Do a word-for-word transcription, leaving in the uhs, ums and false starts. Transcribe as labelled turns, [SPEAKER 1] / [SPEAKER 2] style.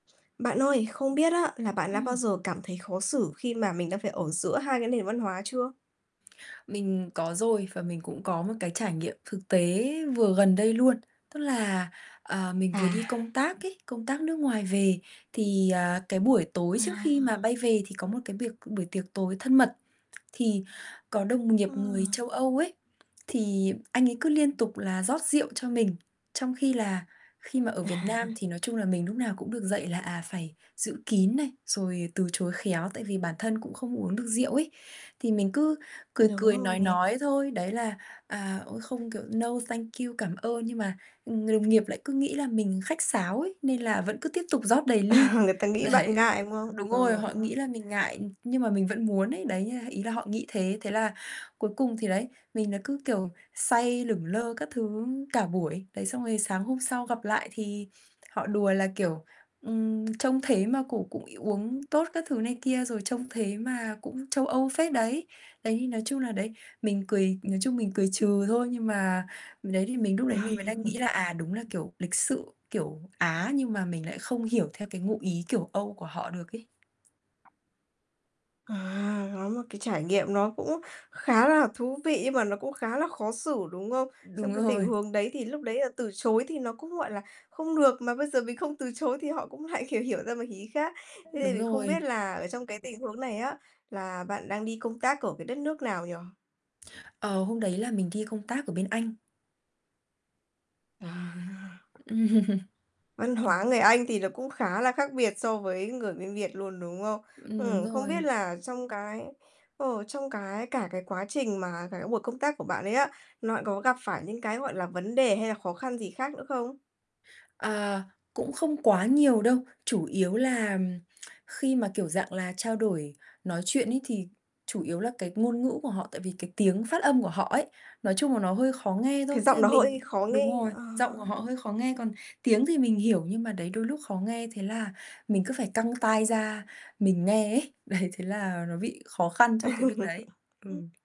[SPEAKER 1] Bạn ơi, không biết á là bạn đã bao
[SPEAKER 2] Ừm.
[SPEAKER 1] giờ cảm thấy khó xử khi mà mình đã phải ở giữa hai cái nền văn hóa chưa?
[SPEAKER 2] Mình có rồi, và mình cũng có một cái trải nghiệm thực tế vừa gần đây luôn. Tức là, ờ, mình vừa đi
[SPEAKER 1] À.
[SPEAKER 2] công tác ấy, công tác nước ngoài về thì, à, cái buổi tối
[SPEAKER 1] À,
[SPEAKER 2] trước khi mà
[SPEAKER 1] ờ.
[SPEAKER 2] bay về thì có một cái biệc buổi tiệc tối thân mật. Thì có đồng
[SPEAKER 1] Ờ.
[SPEAKER 2] nghiệp người châu Âu ấy, thì anh ấy cứ liên tục là rót rượu cho mình, trong khi là khi mà
[SPEAKER 1] À.
[SPEAKER 2] ở Việt Nam thì nói chung là mình lúc nào cũng được dạy là, à, phải giữ kín này, rồi từ chối khéo, tại vì bản thân cũng không uống được rượu ấy. Thì mình cứ cười
[SPEAKER 1] Đúng
[SPEAKER 2] cười
[SPEAKER 1] rồi
[SPEAKER 2] nói
[SPEAKER 1] nè.
[SPEAKER 2] nói thôi, đấy là, à, ôi không kiểu no, thank you, cảm ơn. Nhưng mà, ừm, người đồng nghiệp lại cứ nghĩ là mình khách sáo ấy, nên là vẫn cứ tiếp tục rót đầy ly,
[SPEAKER 1] Người ta nghĩ bạn
[SPEAKER 2] đấy,
[SPEAKER 1] ngại, đúng hông?
[SPEAKER 2] đúng rồi,
[SPEAKER 1] Ừ.
[SPEAKER 2] họ
[SPEAKER 1] Đúng không?
[SPEAKER 2] nghĩ là mình ngại, nhưng mà mình vẫn muốn ấy, đấy nha ý là họ nghĩ thế, thế là cuối cùng thì đấy, mình là cứ, kiểu, say lửng lơ các thứ cả buổi. Đấy, xong rồi sáng hôm sau gặp lại thì họ đùa là, kiểu, ừm, trông thế mà cũng cũng uống tốt các thứ này kia, rồi trông thế mà cũng châu Âu phết đấy. Đấy, thì nói chung là, đấy, mình cười nói chung mình cười trừ thôi, nhưng mà ừ, đấy, thì mình lúc đấy mình mới đang nghĩ là, à, đúng là, kiểu, lịch sự kiểu Á nhưng mà mình lại không hiểu theo cái ngụ ý kiểu Âu của họ được ấy.
[SPEAKER 1] À, có một cái trải nghiệm nó cũng khá là thú vị, nhưng mà nó cũng khá là khó xử, đúng không? Trong
[SPEAKER 2] Đúng
[SPEAKER 1] cái tình
[SPEAKER 2] rồi.
[SPEAKER 1] huống đấy thì lúc đấy là từ chối thì nó cũng, gọi là, không được, mà bây giờ mình không từ chối thì họ cũng lại hiểu hiểu ra một ý khác. Thế nên
[SPEAKER 2] Đúng
[SPEAKER 1] mình không biết
[SPEAKER 2] rồi.
[SPEAKER 1] là ở trong cái tình huống này á, là bạn đang đi công tác ở cái đất nước nào nhỉ?
[SPEAKER 2] Ờ, hôm đấy là mình đi công tác ở bên Anh.
[SPEAKER 1] À. Văn
[SPEAKER 2] Mình
[SPEAKER 1] hóa
[SPEAKER 2] cũng
[SPEAKER 1] người Anh thì nó cũng khá là khác biệt so với người bên Việt luôn, đúng không?
[SPEAKER 2] Ừm, đúng
[SPEAKER 1] Ừm, không biết
[SPEAKER 2] rồi.
[SPEAKER 1] là trong cái, ờ, trong cái cả cái quá trình mà cả cái buổi công tác của bạn ấy á, nó có gặp phải những cái, gọi là, vấn đề hay là khó khăn gì khác nữa không?
[SPEAKER 2] À, cũng không quá nhiều đâu. Chủ yếu là khi mà, kiểu, dạng là trao đổi nói chuyện ấy, thì chủ yếu là cái ngôn ngữ của họ, tại vì cái tiếng phát âm của họ ấy, nói chung là nó hơi khó nghe
[SPEAKER 1] Cái
[SPEAKER 2] thôi, tức
[SPEAKER 1] giọng
[SPEAKER 2] là
[SPEAKER 1] nó hơi
[SPEAKER 2] mình
[SPEAKER 1] khó
[SPEAKER 2] đúng
[SPEAKER 1] nghe,
[SPEAKER 2] rồi,
[SPEAKER 1] ờ.
[SPEAKER 2] giọng của họ hơi khó nghe, còn tiếng thì mình hiểu, nhưng mà, đấy, đôi lúc khó nghe, thế là mình cứ phải căng tai ra mình nghe ấy. Đấy, thế là nó bị khó khăn trong cái việc đấy. Ừ.